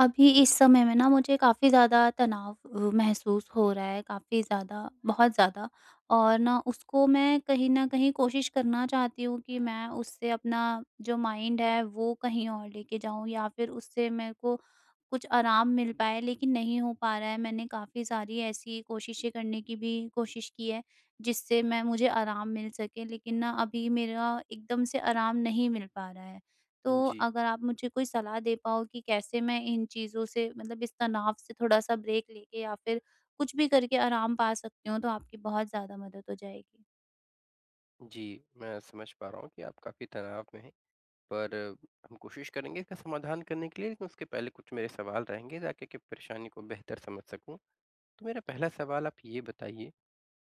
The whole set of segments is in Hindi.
अभी इस समय में ना, मुझे काफ़ी ज़्यादा तनाव अ, महसूस हो रहा है। काफ़ी ज़्यादा, बहुत ज़्यादा और ना उसको मैं कहीं न कहीं कोशिश करना चाहती हूँ कि मैं उससे अपना जो माइंड है, वो कहीं और लेके जाऊँ या फ़िर उससे मेरे को कुछ आराम मिल पाए, लेकिन नहीं हो पा रहा है। मैंने काफ़ी सारी ऐसी कोशिशें करने की भी कोशिश की है, जिससे मैं मुझे आराम मिल सके, लेकिन ना अभी मेरा एकदम से आराम नहीं मिल पा रहा है। तो जी। अगर आप मुझे कोई सलाह दे पाओ कि कैसे मैं इन चीज़ों से मतलब इस तनाव से थोड़ा-सा ब्रेक लेके या फ़िर कुछ भी करके आराम पा सकती हूँ, तो आपकी बहुत ज़्यादा मदद हो जाएगी। जी, मैं समझ पा रहा हूँ कि आप काफ़ी तनाव में हैं। पर हम कोशिश करेंगे इसका समाधान करने के लिए, लेकिन उसके पहले कुछ मेरे सवाल रहेंगे, ताकि कि परेशानी को बेहतर समझ सकूँ। तो मेरा पहला सवाल आप ये बताइए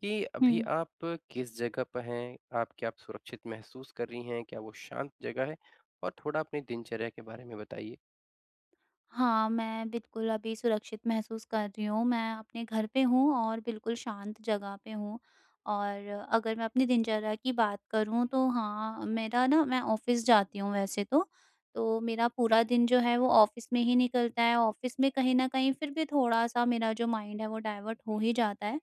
कि अभी हुँ। आप किस जगह पे हैं? आप क्या आप सुरक्षित महसूस कर रही हैं? क्या वो शांत जगह है? और थोड़ा अपनी दिनचर्या के बारे में बताइए। हाँ, मैं बिल्कुल अभी सुरक्षित महसूस कर रही हूँ। मैं अपने घर पे हूँ और बिल्कुल शांत जगह पे हूँ और अगर मैं अपनी दिनचर्या की बात करूँ, तो हाँ, मेरा ना मैं ऑफ़िस जाती हूँ वैसे तो। तो मेरा पूरा दिन जो है, वो ऑफ़िस में ही निकलता है। ऑफ़िस में कहीं न कहीं फ़िर भी थोड़ा-सा मेरा जो माइंड है, वो डायवर्ट हो ही जाता है।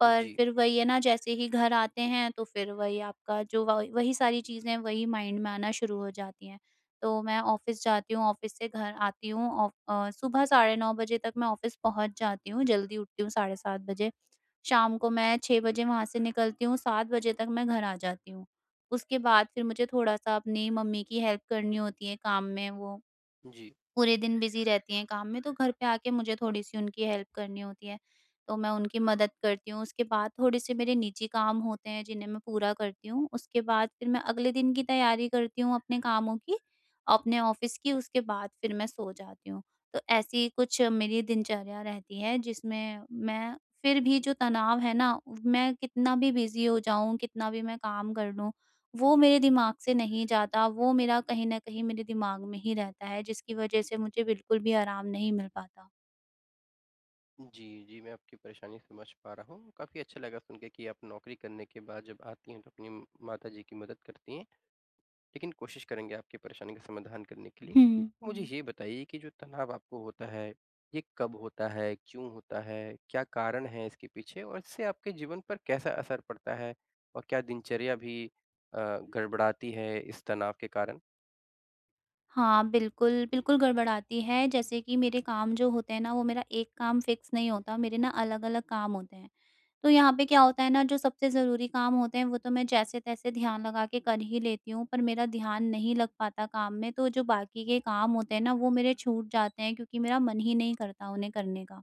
पर जी। फ़िर वही है ना, जैसे ही घर आते हैं, तो फ़िर वही आपका जो व वही सारी चीज़ें हैं, वही माइंड में आना शुरू हो जाती हैं। तो मैं ऑफ़िस जाती हूँ, ऑफ़िस से घर आती हूँ, ऑ अ, सुबह साढ़े 9 बजे तक मैं ऑफ़िस पहुँच जाती हूँ, जल्दी उठती हूँ, साढ़े 7 बजे। शाम को मैं 6 बजे वहाँ से निकलती हूँ, 7 बजे तक मैं घर आ जाती हूँ। उसके बाद फ़िर मुझे थोड़ा-सा अपनी मम्मी की हेल्प करनी होती है काम में, वो जी। पूरे दिन बिज़ी रहती हैं काम में, तो घर पे आके मुझे थोड़ी-सी उनकी हेल्प करनी होती है। तो मैं उनकी मदद करती हूँ, उसके बाद थोड़े-से मेरे निजी काम होते हैं, जिन्हें मैं पूरा करती हूँ। उसके बाद फ़िर मैं अगले दिन की तैयारी करती हूँ, अपने कामों की, अपने ऑफ़िस की, उसके बाद फ़िर मैं सो जाती हूँ। तो ऐसी कुछ मेरी दिनचर्या रहती है, जिसमें मैं फ़िर भी जो तनाव है ना, मैं कितना भी बिज़ी हो जाऊँ, कितना भी मैं काम कर लूँ ,वो मेरे दिमाग से नहीं जाता, वो मेरा कहीं न कहीं मेरे दिमाग में ही रहता है, जिसकी वज़ह से मुझे बिल्कुल भी आराम नहीं मिल पाता। जी, जी। मैं आपकी परेशानी समझ पा रहा हूँ। काफ़ी अच्छा लगा सुनके कि आप नौकरी करने के बाद जब आती हैं तो अपनी म माताजी की मदद करती हैं। लेकिन कोशिश करेंगे आपकी परेशानी का समाधान करने के लिए। हुँ। मुझे ये बताइए कि जो तनाव आपको होता है, ये कब होता है? क्यों होता है? क्या कारण है इसके पीछे और इससे आपके जीवन पर कैसा असर पड़ता है? और क्या दिनचर्या भी अ, गड़बड़ाती है इस तनाव के कारण? हाँ, बिल्कुल। बिल्कुल, गड़बड़ाती है जैसे कि मेरे काम जो होते हैं ना वो मेरा एक काम फ़िक्स नहीं होता, मेरे ना अलग-अलग काम होते हैं। तो यहाँ पे क्या होता है ना, जो सबसे ज़रूरी काम होते हैं वो तो मैं जैसे-तैसे ध्यान लगा के कर ही लेती हूँ पर मेरा ध्यान नहीं लग पाता काम में तो जो बाकी के काम होते हैं ना, वो मेरे छूट जाते हैं क्योंकि मेरा मन ही नहीं करता उन्हें करने का।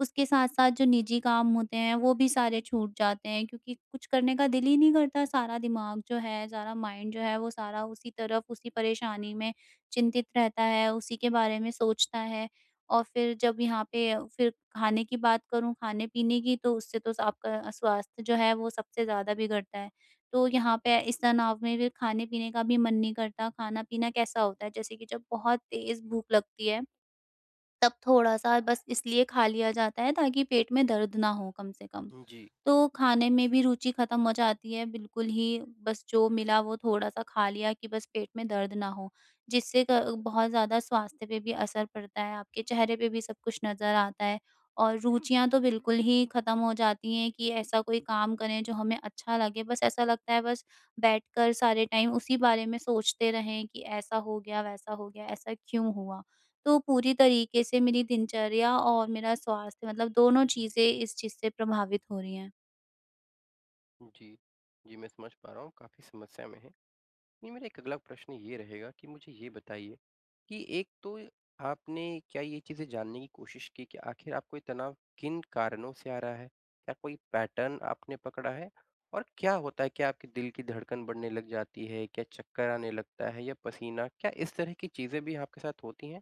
उसके साथ-साथ जो निजी काम होते हैं, वो भी सारे छूट जाते हैं क्योंकि कुछ करने का दिल ही नहीं करता। सारा दिमाग जो है सारा माइंड जो है वो सारा उसी तरफ उसी परेशानी में चिंतित रहता है, उसी के बारे में सोचता है। और फ़िर जब यहाँ पे फ़िर खाने की बात करूँ खाने-पीने की तो उससे तो आपका अ, स्वास्थ्य जो है वो सबसे ज़्यादा बिगड़ता है। तो यहाँ पे इस तनाव में भी खाने-पीने का भी मन नहीं करता। खाना-पीना कैसा होता है जैसे कि जब बहुत तेज़ भूख लगती है, तब थोड़ा-सा बस इसलिए खा लिया जाता है ताकि पेट में दर्द ना हो कम से कम। हुँ, जी। तो खाने में भी रुचि ख़त्म हो जाती है बिल्कुल ही। बस जो मिला वो थोड़ा-सा खा लिया कि बस पेट में दर्द ना हो, जिससे क बहुत ज़्यादा स्वास्थ्य पे भी असर पड़ता है, आपके चेहरे पे भी सब कुछ नज़र आता है, और रुचियाँ तो बिल्कुल ही ख़त्म हो जाती हैं कि ऐसा कोई काम करें जो हमें अच्छा लगे। बस ऐसा लगता है बस बैठकर सारे टाइम उसी बारे में सोचते रहें कि ऐसा हो गया, वैसा हो गया। ऐसा क्यों हुआ? तो पूरी तरीके से मेरी दिनचर्या और मेरा स्वास्थ्य मतलब दोनों चीज़ें इस चीज़ से प्रभावित हो रही हैं। उ, जी। जी मैं समझ पा रहा हूँ, काफ़ी समस्या में हैं। ये मेरा 1 अगला प्रश्न ये रहेगा, कि मुझे ये बताइए, कि एक तो आपने क्या ये चीज़ें जानने की कोशिश की के आखिर आपको ये तनाव किन कारणों से आ रहा है? क्या कोई पैटर्न आपने पकड़ा है? और क्या होता है? क्या आपके दिल की धड़कन बढ़ने लग जाती है? क्या चक्कर आने लगता है, या पसीना? क्या इस तरह की चीज़ें भी आपके साथ होती हैं?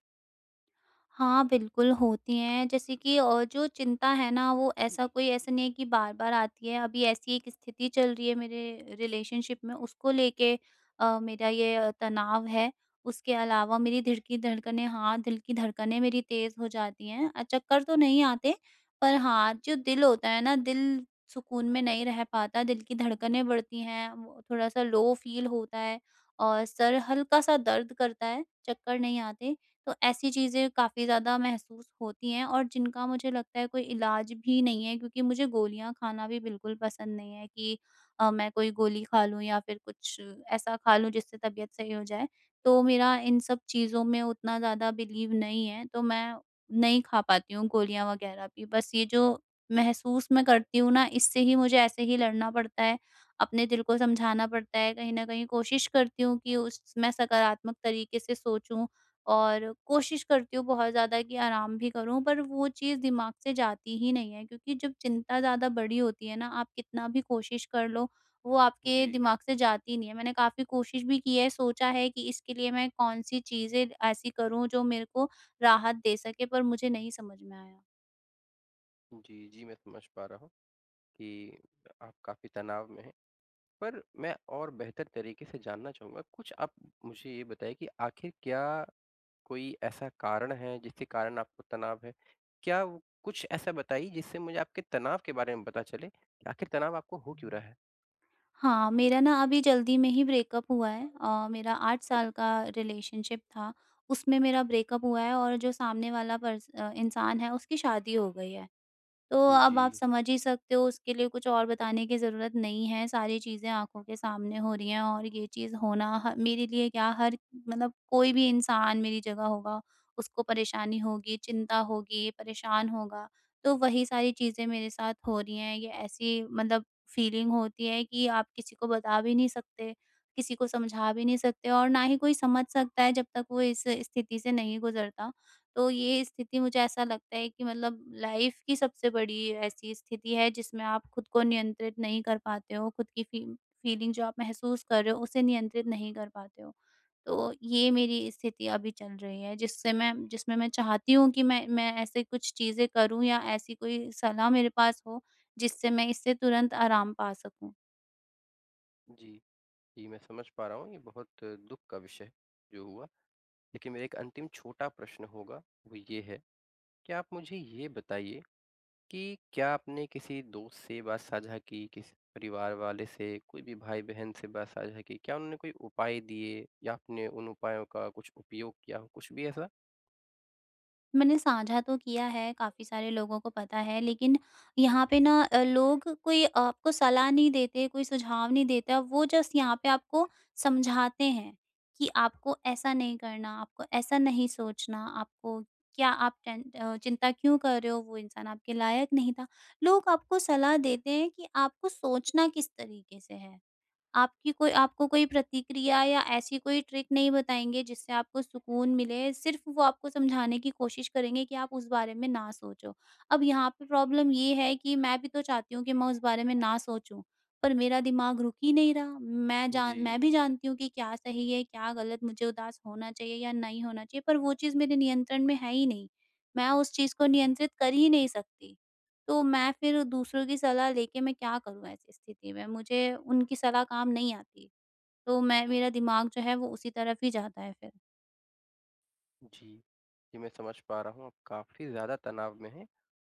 हाँ, बिल्कुल होती हैं। जैसे कि अ, जो चिंता है ना वो ऐसा कोई ऐसा नहीं है कि बार-बार आती है। अभी ऐसी एक स्थिति चल रही है, मेरे रिलेशनशिप में उसको लेके अ, मेरा ये अ, तनाव है। उसके अलावा मेरी दिल की धड़कनें हाँ। दिल की धड़कनें मेरी तेज़ हो जाती हैं। अ, चक्कर तो नहीं आते, पर हाँ जो दिल होता है ना, दिल सुकून में नहीं रह पाता। दिल की धड़कनें बढ़ती हैं, म थोड़ा-सा लो फ़ील होता है और सर हल्का-सा दर्द करता है, चक्कर नहीं आते। तो ऐसी चीज़ें काफ़ी ज़्यादा महसूस होती हैं, और जिनका मुझे लगता है कोई इलाज भी नहीं है। क्योंकि मुझे गोलियाँ खाना भी बिल्कुल पसंद नहीं है, कि अ, मैं कोई गोली खा लूँ या फ़िर कुछ ऐसा खा लूँ, जिससे तबीयत सही हो जाए। तो मेरा इन सब चीज़ों में उतना ज़्यादा बिलीव नहीं है। तो मैं नहीं खा पाती हूँ, गोलियाँ वग़ैरह भी, बस ये जो महसूस मैं करती हूँ ना, इससे ही मुझे ऐसे ही लड़ना पड़ता है। अपने दिल को समझाना पड़ता है, कहीं न कहीं कोशिश करती हूँ कि उस स मैं सकारात्मक तरीके से सोचूँ और कोशिश करती हूँ बहुत ज़्यादा, कि आराम भी करूँ, पर वो चीज़ दिमाग से जाती ही नहीं है। क्योंकि जब चिंता ज़्यादा बड़ी होती है ना, आप कितना भी कोशिश कर लो। वो आपके जी। दिमाग से जाती नहीं है। मैंने काफ़ी कोशिश भी की है, सोचा है कि इसके लिए मैं कौन-सी चीज़ें ऐसी करूँ, जो मेरे को राहत दे सके पर मुझे नहीं समझ में आया। जी, जी। मैं समझ पा रहा हूँ कि अ, आप काफ़ी तनाव में हैं। पर मैं और बेहतर तरीके से जानना चाहूँगा। कुछ आप मुझे ये बताइए कि आखिर क्या, कोई ऐसा कारण है जिसके कारण आपको तनाव है? क्या कुछ ऐसा बताइए जिससे मुझे आपके तनाव के बारे में पता चले कि आखिर तनाव आपको हो क्यों रहा है? हाँ मेरा न अभी जल्दी में ही ब्रेकअप हुआ है। अ, मेरा 8 साल का रिलेशनशिप था। उसमें मेरा ब्रेकअप हुआ है और जो सामने वाला पर्स अ, इंसान है उसकी शादी हो गई है। तो अब आप जी। समझ ही सकते हो उसके लिए कुछ और बताने की ज़रूरत नहीं है सारी चीज़ें आँखों के सामने हो रही हैं। और ये चीज़ होना ह मेरे लिए क्या हर मतलब कोई भी इंसान मेरी जगह होगा उसको परेशानी होगी, चिंता होगी, परेशान होगा। तो वही सारी चीज़ें मेरे साथ हो रही हैं। ये ऐसी मतलब फ़ीलिंग होती है कि आप किसी को बता भी नहीं सकते। किसी को समझा भी नहीं सकते और ना ही कोई समझ सकता है जब तक वो इस स्थिति से नहीं गुज़रता। तो ये स्थिति मुझे ऐसा लगता है कि मतलब लाइफ़ की सबसे बड़ी ऐसी स्थिति है जिसमें आप खुद को नियंत्रित नहीं कर पाते हो खुद की फी फ़ीलिंग जो आप महसूस कर रहे हो उसे नियंत्रित नहीं कर पाते हो। तो ये मेरी स्थिति अभी चल रही है। जिससे मैं जिसमें मैं चाहती हूँ कि मैं मैं ऐसे कुछ चीज़ें करूँ या ऐसी कोई सलाह मेरे पास हो जिससे मैं इससे तुरंत आराम पा सकूँ। जी। जी, मैं समझ पा रहा हूँ, ये बहुत दुःख का विषय है, जो हुआ। लेकिन मेरा एक अंतिम छोटा प्रश्न होगा, वो ये है, क्या आप मुझे ये बताइए कि क्या आपने किसी दोस्त से बात साझा की? किसी परिवार वाले से? कोई भी भाई-बहन से बात साझा की? क्या उन्होंने कोई उपाय दिए या आपने उन उपायों का उपयोग किया कुछ भी ऐसा? मैंने साझा तो किया है, काफ़ी सारे लोगों को पता है। लेकिन यहाँ पे न अ, लोग कोई आपको सलाह नहीं देते कोई सुझाव नहीं देता, वो जस्ट यहाँ पे आपको समझाते हैं, कि आपको ऐसा नहीं करना, आपको ऐसा नहीं सोचना, आपको क्या आप टेन अ, चिंता क्यों कर रहे हो, वो इंसान आपके लायक नहीं था। लोग आपको सलाह देते हैं, कि आपको सोचना किस तरीके से है। आपकी कोई आपको कोई प्रतिक्रिया या ऐसी कोई ट्रिक नहीं बताएँगे, जिससे आपको सुकून मिले, सिर्फ़ वो आपको समझाने की कोशिश करेंगे कि आप उस बारे में न सोचो। अब यहाँ पे प्रॉब्लम ये है कि मैं भी तो चाहती हूँ कि मैं उस बारे में न सोचूँ। पर मेरा दिमाग रुक ही नहीं रहा, मैं जान जी। मैं भी जानती हूँ कि क्या सही है, क्या गलत, मुझे उदास होना चाहिए या नहीं होना चाहिए, पर वो चीज़ मेरे नियंत्रण में है ही नहीं। मैं उस चीज़ को नियंत्रित कर ही नहीं सकती, तो मैं फ़िर दूसरों की सलाह लेके मैं क्या करूँ, ऐसी स्थिति में? मुझे उनकी सलाह काम नहीं आती। तो मैं मेरा दिमाग जो है वो उसी तरफ़ ही जाता है फ़िर। जी। जी, मैं समझ पा रहा हूँ, आप काफ़ी ज़्यादा तनाव में हैं,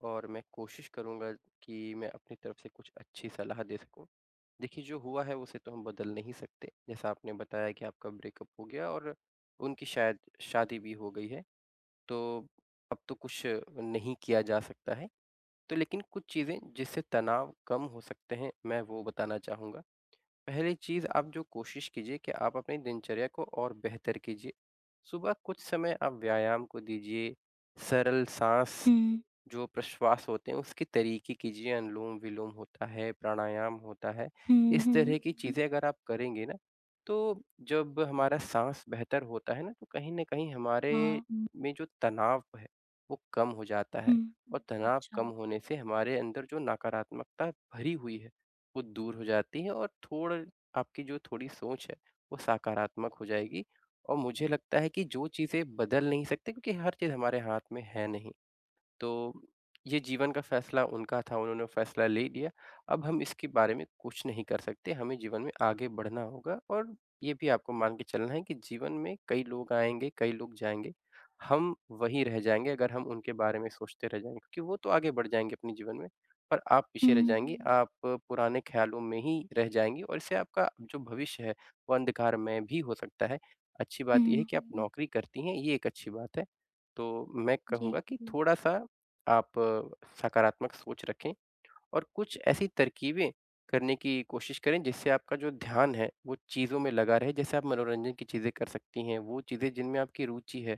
और मैं कोशिश करूँगा कि मैं अपनी तरफ़ से कुछ अच्छी सलाह दे सकूँ। देखिए जो हुआ है, उसे तो हम बदल नहीं सकते। जैसा आपने बताया कि आपका ब्रेकअप हो गया और उनकी शायद शादी भी हो गई है। तो, अब तो कुछ नहीं किया जा सकता है। तो लेकिन कुछ चीज़ें जिससे तनाव कम हो सकते हैं, मैं वो बताना चाहूँगा। पहली चीज़ आप जो कोशिश कीजिए कि आप अपनी दिनचर्या को और बेहतर कीजिए। सुबह कुछ समय आप व्यायाम को दीजिए, सरल साँस, हुँ। जो प्रश्वास होते हैं, उसके तरीके कीजिए, अनुलोम-विलोम होता है, प्राणायाम होता है। हुँ, इस हुँ। तरह की चीज़ें अगर आप करेंगे ना, तो जब हमारा साँस बेहतर होता है ना तो कहीं न कहीं हमारे हाँ। में जो तनाव है, वो कम हो जाता है, हुँ। और तनाव कम अच्छा। होने से हमारे अंदर जो नकारात्मकता भरी हुई है, वो दूर हो जाती है और थोड़ आपकी जो थोड़ी सोच है, वो सकारात्मक हो जाएगी। और मुझे लगता है कि जो चीज़ें बदल नहीं सकते क्योंकि हर चीज़ हमारे हाथ में है नहीं। तो ये जीवन का फैसला उनका था, उन्होंने फैसला ले लिया। अब हम इसके बारे में कुछ नहीं कर सकते, हमें जीवन में आगे बढ़ना होगा। और ये भी आपको मान के चलना है कि जीवन में कई लोग आएँगे, कई लोग जाएँगे, हम वहीं रह जाएँगे अगर हम उनके बारे में सोचते रह जाएँगे क्योंकि वो तो आगे बढ़ जाएँगे अपने जीवन में, पर आप पीछे रह हुँ। जाएँगी, आप पुराने ख़्यालों में ही रह जाएँगी, और इससे आपका जो भविष्य है, वो अंधकारमय भी हो सकता है। अच्छी बात ये है हुँ। कि आप नौकरी करती हैं, ये एक अच्छी बात है। तो मैं जी कहूँगा कि थोड़ा-सा आप सकारात्मक सोच रखें, और कुछ ऐसी तरकीबें करने की कोशिश करें जिससे आपका जो ध्यान है, वो चीज़ों में लगा रहे। जैसे आप मनोरंजन की चीज़ें कर सकती हैं, वो चीज़ें जिनमें आपकी रूचि है।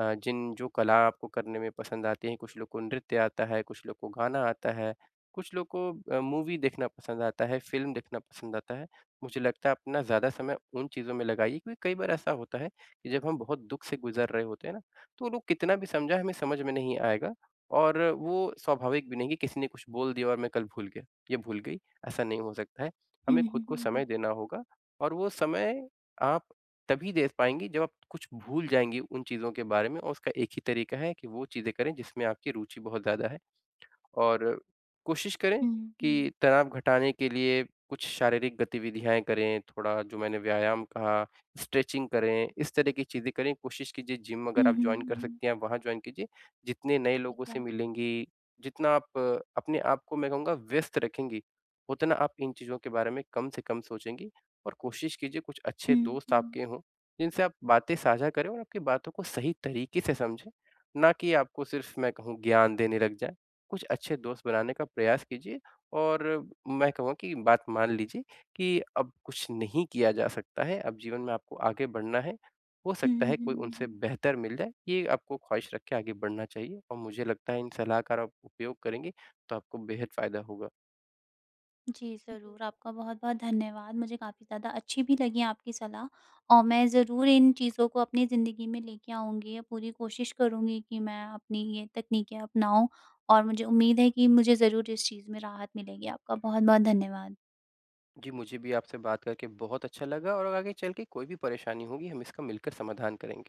अ, जिन जो कला आपको करने में पसंद आती हैं, कुछ लोग को नृत्य आता है, कुछ लोग को गाना आता है, कुछ लोग को अ, मूवी देखना पसंद आता है, फ़िल्म देखना पसंद आता है। मुझे लगता है अपना ज़्यादा समय उन चीज़ों में लगाइए क्योंकि कई बार ऐसा होता है कि जब हम बहुत दुःख से गुज़र रहे होते हैं ना, तो लोग कितना भी समझाएँ, हमें समझ में नहीं आएगा। और वो स्वाभाविक भी नहीं कि किसी ने कुछ बोल दिया और मैं कल भूल गया या भूल गई, ऐसा नहीं हो सकता है। हमें हुँ, खुद हुँ। को समय देना होगा, और वो समय आप तभी दे पाएँगी जब आप कुछ भूल जाएँगी उन चीज़ों के बारे में, और उसका एक ही तरीका है कि वो चीज़ें करें जिसमें आपकी रूचि बहुत ज़्यादा है। और कोशिश करें हुँ। कि तनाव घटाने के लिए कुछ शारीरिक गतिविधियाँ करें, थोड़ा जो मैंने व्यायाम कहा, स्ट्रेचिंग करें, इस तरह की चीज़ें करें। कोशिश कीजिए जिम अगर हुँ, आप हुँ। जॉइन कर सकती हैं, आप वहाँ जॉइन कीजिए। जितने नए लोगों ठीक से है। मिलेंगी, जितना आप अपने आपको मैं कहूँगा व्यस्त रखेंगी, उतना आप इन चीज़ों के बारे में कम से कम सोचेंगी। और कोशिश कीजिए कुछ अच्छे दोस्त हुँ। दोस्त आपके हों, जिनसे आप बातें साझा करें और आपकी बातों को सही तरीके से समझें, ना कि आपको सिर्फ़ मैं कहूँ ज्ञान देने लग जाएँ। कुछ अच्छे दोस्त बनाने का प्रयास कीजिए, और मैं कहूँगा की बात मान लीजिए कि अब कुछ नहीं किया जा सकता है, अब जीवन में आपको आगे बढ़ना है। हो हुँ, सकता हुँ, है कोई हुँ। उनसे बेहतर मिल जाए, ये आपको ख़्वाहिश रख के आगे बढ़ना चाहिए। और मुझे लगता है इन सलाह कार आप उपयोग करेंगी, तो आपको बेहद फ़ायदा होगा। जी, ज़रूर। आपका बहुत-बहुत धन्यवाद। मुझे काफ़ी ज़्यादा अच्छी भी लगी आपकी सलाह, और मैं ज़रूर इन चीज़ों को अपनी ज़िंदगी में लेके आऊँगी अ, पूरी कोशिश करूँगी कि मैं अपनी ये तकनीकें अपनाऊँ, और मुझे उम्मीद है कि मुझे ज़रूर इस चीज़ में राहत मिलेगी। आपका बहुत-बहुत धन्यवाद। जी, मुझे भी आपसे बात करके बहुत अच्छा लगा, और आगे चल के कोई भी परेशानी होगी, हम इसका मिलकर समाधान करेंगे।